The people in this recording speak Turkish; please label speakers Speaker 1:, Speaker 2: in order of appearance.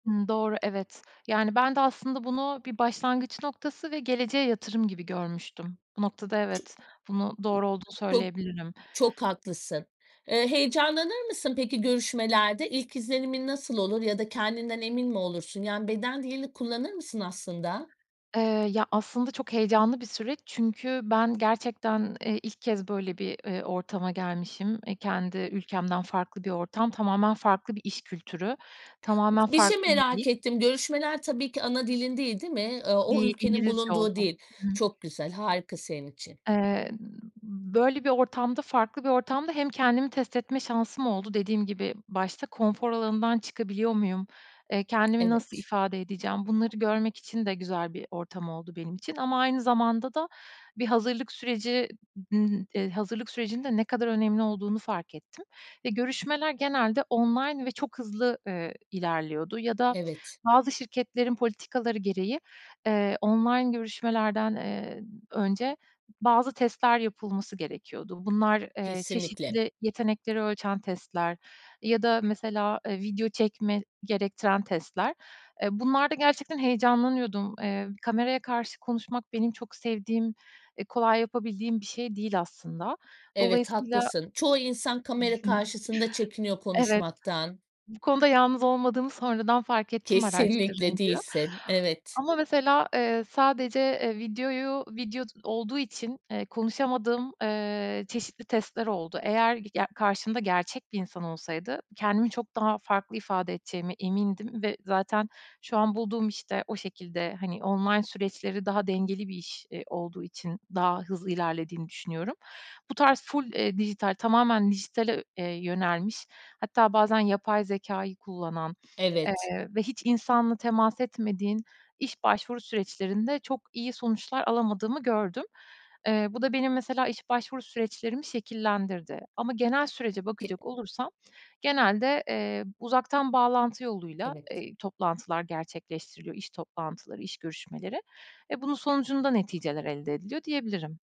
Speaker 1: Hımm, doğru, evet. Yani, ben de aslında bunu bir başlangıç noktası ve geleceğe yatırım gibi görmüştüm. Bu noktada,
Speaker 2: I
Speaker 1: evet, bunu, doğru olduğunu
Speaker 2: Çok
Speaker 1: söyleyebilirim.
Speaker 2: çok haklısın. Eee, heyecanlanır mısın peki, görüşmelerde? İlk izlenimin nasıl olur ya da kendinden emin mi olursun? Yani, beden dilini kullanır mısın aslında?
Speaker 1: Eee, ya, aslında çok heyecanlı bir süreç. Çünkü ben gerçekten, eee, ilk kez böyle bir, eee, ortama gelmişim. E, kendi ülkemden farklı bir ortam, tamamen farklı bir iş kültürü, tamamen
Speaker 2: Bir şey
Speaker 1: farklı bir dil.
Speaker 2: merak ettim. Görüşmeler, tabii ki, ana dilin değil, değil mi? Eee, o
Speaker 1: Değil,
Speaker 2: ülkenin
Speaker 1: İngilizce oldu.
Speaker 2: bulunduğu dil.
Speaker 1: Hı hı.
Speaker 2: Çok güzel, harika senin için.
Speaker 1: Eee, ııı, böyle bir ortamda, farklı bir ortamda, hem kendimi test etme şansım oldu. Dediğim gibi başta, konfor alanından çıkabiliyor muyum? Eee, kendimi nasıl
Speaker 2: Evet.
Speaker 1: ifade edeceğim, bunları görmek için de güzel bir ortam oldu benim için. Ama aynı zamanda da bir hazırlık süreci nı hazırlık sürecinin de ne kadar önemli olduğunu fark ettim ve görüşmeler genelde online ve çok hızlı, ııı, ilerliyordu. Ya da
Speaker 2: Evet.
Speaker 1: bazı şirketlerin politikaları gereği, eee, online görüşmelerden, eee, önce bazı testler yapılması gerekiyordu. Bunlar, eee,
Speaker 2: Kesinlikle.
Speaker 1: çeşitli yetenekleri ölçen testler ya da mesela, eee, video çekme gerektiren testler. Eee, bunlarda gerçekten heyecanlanıyordum. Eee, kameraya karşı konuşmak, benim çok sevdiğim, e, kolay yapabildiğim bir şey değil aslında.
Speaker 2: Evet,
Speaker 1: Dolayısıyla
Speaker 2: haklısın. Çoğu insan kamera karşısında çekiniyor
Speaker 1: Evet,
Speaker 2: konuşmaktan.
Speaker 1: bu konuda yalnız olmadığımı sonradan fark ettim
Speaker 2: Kesinlikle,
Speaker 1: araştırınca.
Speaker 2: değilsin. Evet.
Speaker 1: Ama mesela, eee, sadece, eee, videoyu video d olduğu için, eee, konuşamadığım, eee, çeşitli testler oldu. Eğer ge ya, karşımda gerçek bir insan olsaydı, kendimi çok daha farklı ifade edeceğimi emindim ve zaten şu an bulduğum işte o şekilde hani, online süreçleri daha dengeli bir iş, iii, olduğu için daha hızlı ilerlediğini düşünüyorum. Bu tarz full, eee, dijital, tamamen dijitale, eee, yönelmiş, hatta bazen yapay zekâyı kullanan,
Speaker 2: Evet.
Speaker 1: eee, ve hiç insanla temas etmediğin iş başvuru süreçlerinde, çok iyi sonuçlar alamadığımı gördüm. Eee, bu da benim mesela iş başvuru süreçlerimi şekillendirdi ama genel sürece
Speaker 2: Ke
Speaker 1: bakacak olursam, genelde, eee, uzaktan bağlantı yoluyla,
Speaker 2: Evet.
Speaker 1: eee, toplantılar gerçekleştiriliyor; iş toplantıları, iş görüşmeleri ve bunun sonucunda
Speaker 2: A
Speaker 1: neticeler elde ediliyor diyebilirim.